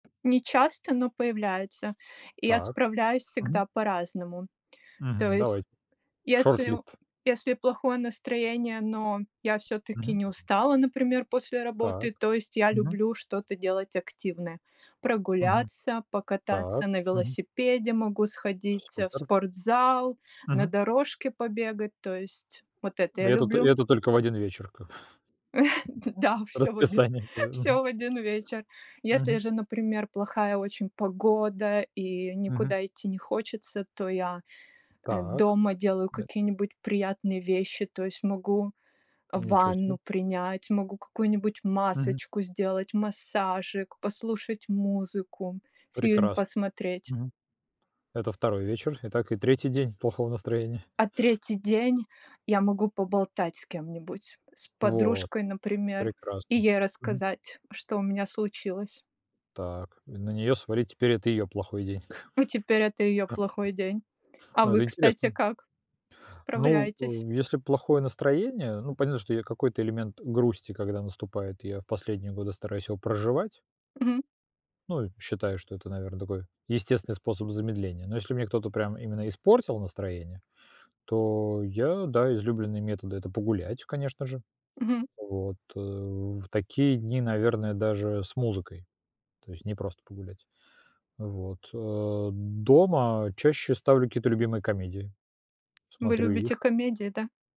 Не часто, но появляется, и я Так. справляюсь Мгм. всегда по-разному. То Мгм, есть, давайте шорт-лист. если плохое настроение, но я всё-таки Мгм. не устала, например, после работы, Так. то есть я Мгм. люблю что-то делать активное Мгм. прогуляться, Так. покататься на Мгм. велосипеде, могу сходить, э, в Супер. спортзал, на Мгм. дорожке побегать. То есть вот это я Это т люблю. это только в один вечер как. Да, всё в один Расписание пове всё в один вечер. Если Мгм. же, например, плохая очень погода и Мгм. никуда идти не хочется, то я, Так дома делаю мэ какие-нибудь приятные вещи. То есть могу Ничего себе. ванну принять могу какую-нибудь Мгм. масочку сделать, массажик, послушать музыку, фильм Прекрасно. посмотреть. Мгм. Это второй вечер, и так и третий день плохого настроения. А третий день я могу поболтать с кем-нибудь, с Вот, подружкой, например, прекрасно. и ей Мгм. рассказать, что у меня случилось. Так, и на неё свалить теперь это её плохой день. Ну теперь это её А. плохой день. А Ну вы, это кстати, интересно. как Ну, справляетесь? э, если плохое настроение, ну понятно, что я какой-то элемент грусти когда наступает, я в последние годы стараюсь его проживать. Мгм. Ну, и считаю, что это, наверное, такой естественный способ замедления, но если мне кто-то прям именно испортил настроение, то я да излюбленные методы это погулять, конечно же. Мгм. Вот, э в такие дни, наверное, даже с музыкой, то есть не просто погулять. Вот, э, дома чаще ставлю какие-то любимые комедии, Вы смотрю любите их. комедии, да?